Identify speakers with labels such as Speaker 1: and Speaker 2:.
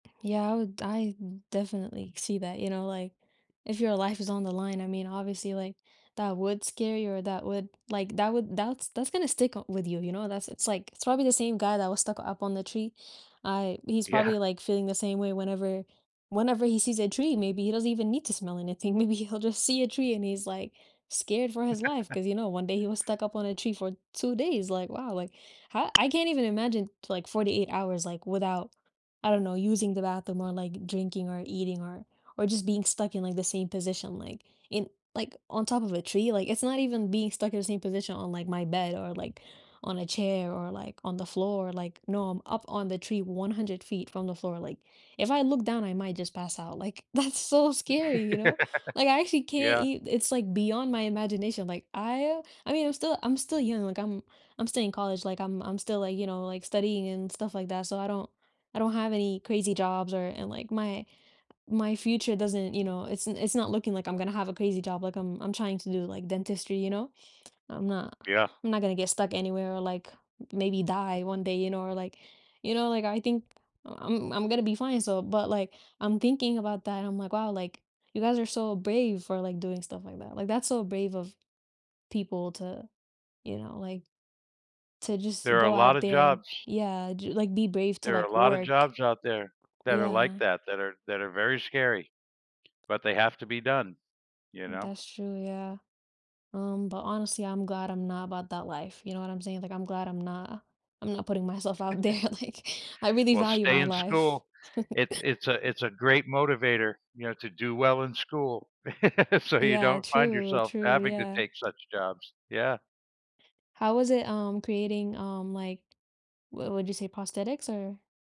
Speaker 1: Yeah, I would I d definitely see that, you know, like, if your life is on the line, I mean, obviously like, that would scare you or that would, like, that would that's that's gonna stick up with you, you know, that's it's like, it's probably the same guy that was stuck up on the tree. I he's
Speaker 2: Yeah.
Speaker 1: probably, like, feeling the same way whenever whenever he sees a tree, maybe he doesn't even need to smell anything, maybe he'll just see a tree and he's, like, scared for his life 'cause, you know, one day he was stuck up on a tree for 2 days? Like, wow, like, I I can't even imagine like 48 hours, like, without, I don't know, using the bathroom or, like, drinking or eating or or just being stuck in, like, the same position, like, in like, on top of a tree, like, it's not even being stuck in the same position on, like, my bed or, like, on a chair or, like, on the floor, like, no, I'm up on the tree 100 feet from the floor, like, if I look down, I might just pass out, like, that's so scary, you know? Like, I actually can't
Speaker 2: Yeah.
Speaker 1: e it's like beyond my imagination, like, I I mean, I'm still I'm still young, like, I'm I'm still in college, like, I'm I'm still, like, you know, like, studying and stuff like that so I don't I don't have any crazy jobs or and, like, my my future doesn't, you know, it's it's not looking, like, I'm gonna have a crazy job, like, I'm I'm trying to do like dentistry, you know? I'm not
Speaker 2: Yeah.
Speaker 1: I'm not gonna get stuck anywhere or, like, maybe die one day, you know, or like, you know, like, I think, I'm I'm gonna be fine, so but, like, I'm thinking about that, I'm like, "Wow, like, you guys are so brave for, like, doing stuff like that." Like, that's so brave of people to, you know, like, to just
Speaker 2: There are a
Speaker 1: go out
Speaker 2: lotta
Speaker 1: there and
Speaker 2: jobs.
Speaker 1: yeah, ju like, be brave to
Speaker 2: There are a
Speaker 1: like
Speaker 2: lotta
Speaker 1: work.
Speaker 2: jobs out there that are like
Speaker 1: Yeah.
Speaker 2: that, that are that are very scary, but they have to be done. You know?
Speaker 1: That's true, yeah. Um, but honestly, I'm glad I'm not about that life, you know what I'm saying? Like, I'm glad I'm not I'm not putting myself out there, like, I really
Speaker 2: Well,
Speaker 1: value
Speaker 2: stay
Speaker 1: my
Speaker 2: in
Speaker 1: life.
Speaker 2: school. It's it's a it's a great motivator, you know, to do well in school. So you
Speaker 1: Yeah,
Speaker 2: don't find
Speaker 1: true,
Speaker 2: yourself
Speaker 1: true,
Speaker 2: having to
Speaker 1: yeah.
Speaker 2: take such jobs. Yeah.
Speaker 1: How was it, um, creating, um, like, what would you say prosthetics, or?